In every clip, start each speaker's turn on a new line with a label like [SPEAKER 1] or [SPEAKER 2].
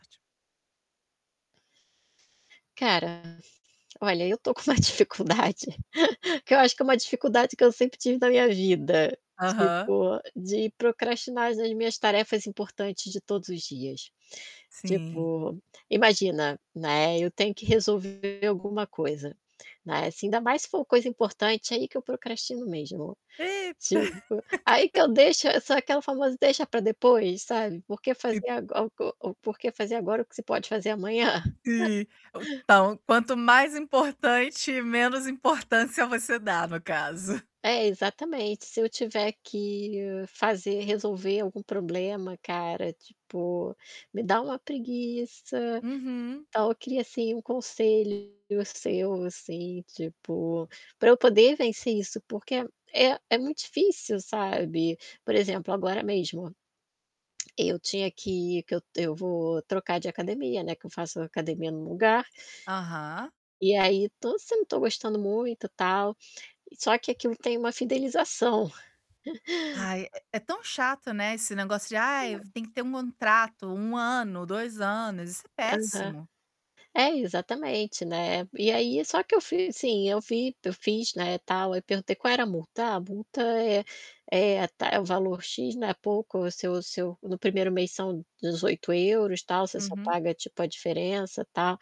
[SPEAKER 1] Cara, olha, eu tô com uma dificuldade, que eu acho que é uma dificuldade que eu sempre tive na minha vida,
[SPEAKER 2] Aham.
[SPEAKER 1] tipo, de procrastinar as minhas tarefas importantes de todos os dias.
[SPEAKER 2] Sim.
[SPEAKER 1] Tipo, imagina, né, eu tenho que resolver alguma coisa, né, assim, ainda mais se for coisa importante, aí que eu procrastino mesmo.
[SPEAKER 2] Eita!
[SPEAKER 1] Tipo, aí que eu deixo é sou aquela famosa "deixa para depois", sabe, por que
[SPEAKER 2] E
[SPEAKER 1] fazer ago o o por que fazer agora, o que você pode fazer amanhã?
[SPEAKER 2] E então, quanto mais importante, menos importância você dá, no caso.
[SPEAKER 1] É, exatamente, se eu tiver que fazer resolver algum problema, cara, tipo, me dá uma preguiça,
[SPEAKER 2] Uhum.
[SPEAKER 1] então, eu queria assim, um conselho seu assim, tipo, pra eu poder vencer isso, porque é é muito difícil sabe, por exemplo, agora mesmo eu tinha que que eu eu vou trocar de academia, né, que eu faço academia num lugar,
[SPEAKER 2] Aham.
[SPEAKER 1] e aí, tô sim não tô gostando muito tal, só que aquilo tem uma fidelização.
[SPEAKER 2] Ai, é é tão chato, né, esse negócio de: "Ai,
[SPEAKER 1] [unintelligible]
[SPEAKER 2] tem que ter um contrato, 1 ano, 2 anos.", isso é
[SPEAKER 1] Aham.
[SPEAKER 2] péssimo.
[SPEAKER 1] É, exatamente, né. E aí, só que eu fiz assim, eu fi eu fiz, né, tal, eu perguntei: "Qual era a multa? 'Ah, a multa é a ta é o valor x, não é pouco o seu seu no 1º mês são €18, tal, você só
[SPEAKER 2] Uhum.
[SPEAKER 1] paga tipo, a diferença, tal'",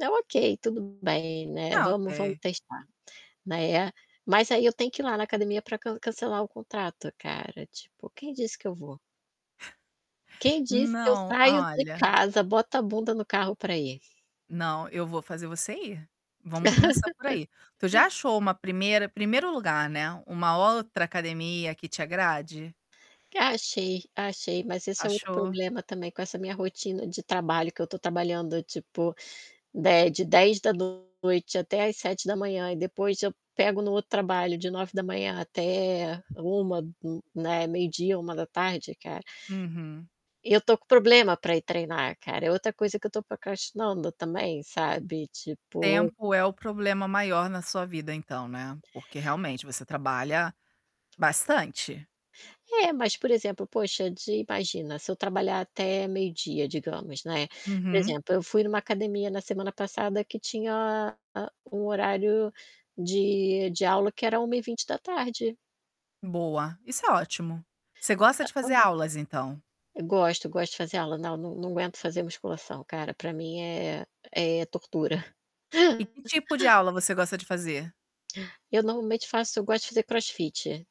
[SPEAKER 1] eu: "Ok, tudo bem, né,
[SPEAKER 2] Ah,
[SPEAKER 1] vamos vamos
[SPEAKER 2] ok.
[SPEAKER 1] testar.", né. Mas aí eu tenho que ir lá na academia pra can cancelar o contrato, cara, tipo: "Quem disse que eu vou? Quem disse que eu
[SPEAKER 2] Não,
[SPEAKER 1] saio de
[SPEAKER 2] olha
[SPEAKER 1] casa, boto a bunda no carro para ir?".
[SPEAKER 2] Não, eu vou fazer você ir, vamos começar por aí. Tu já achou uma primeira primeiro lugar, né, uma outra academia que te agrade?
[SPEAKER 1] Achei, achei, mas esse é o outro
[SPEAKER 2] Achou?
[SPEAKER 1] problema também com essa minha rotina de trabalho, que eu estou trabalhando tipo, de de 22h da noite até às 7h da manhã e depois eu pego no outro trabalho de 9h da manhã até 13h, n né, meio-dia, 13h, da tarde cara.
[SPEAKER 2] Uhum.
[SPEAKER 1] E eu tô com problema para ir treinar, cara, é outra coisa que eu estou procrastinando também, sabe, tipo
[SPEAKER 2] Tempo é o problema maior na sua vida então, né, porque, realmente, você trabalha bastante.
[SPEAKER 1] É, mas, por exemplo, poxa, de imagina se eu trabalhar até meio-dia, digamos, né, por
[SPEAKER 2] Uhum.
[SPEAKER 1] exemplo, eu fui numa academia na semana passada que tinha a um horário de de aula que era 13h20.
[SPEAKER 2] Boa, isso é ótimo. Você gosta de fazer
[SPEAKER 1] [unintelligible]
[SPEAKER 2] aulas, então?
[SPEAKER 1] Gosto, gosto de fazer aula. Não, não não aguento fazer musculação, cara, para mim é é tortura.
[SPEAKER 2] E que tipo de aula você gosta de fazer?
[SPEAKER 1] Eu normalmente faço eu gosto de fazer crossfit.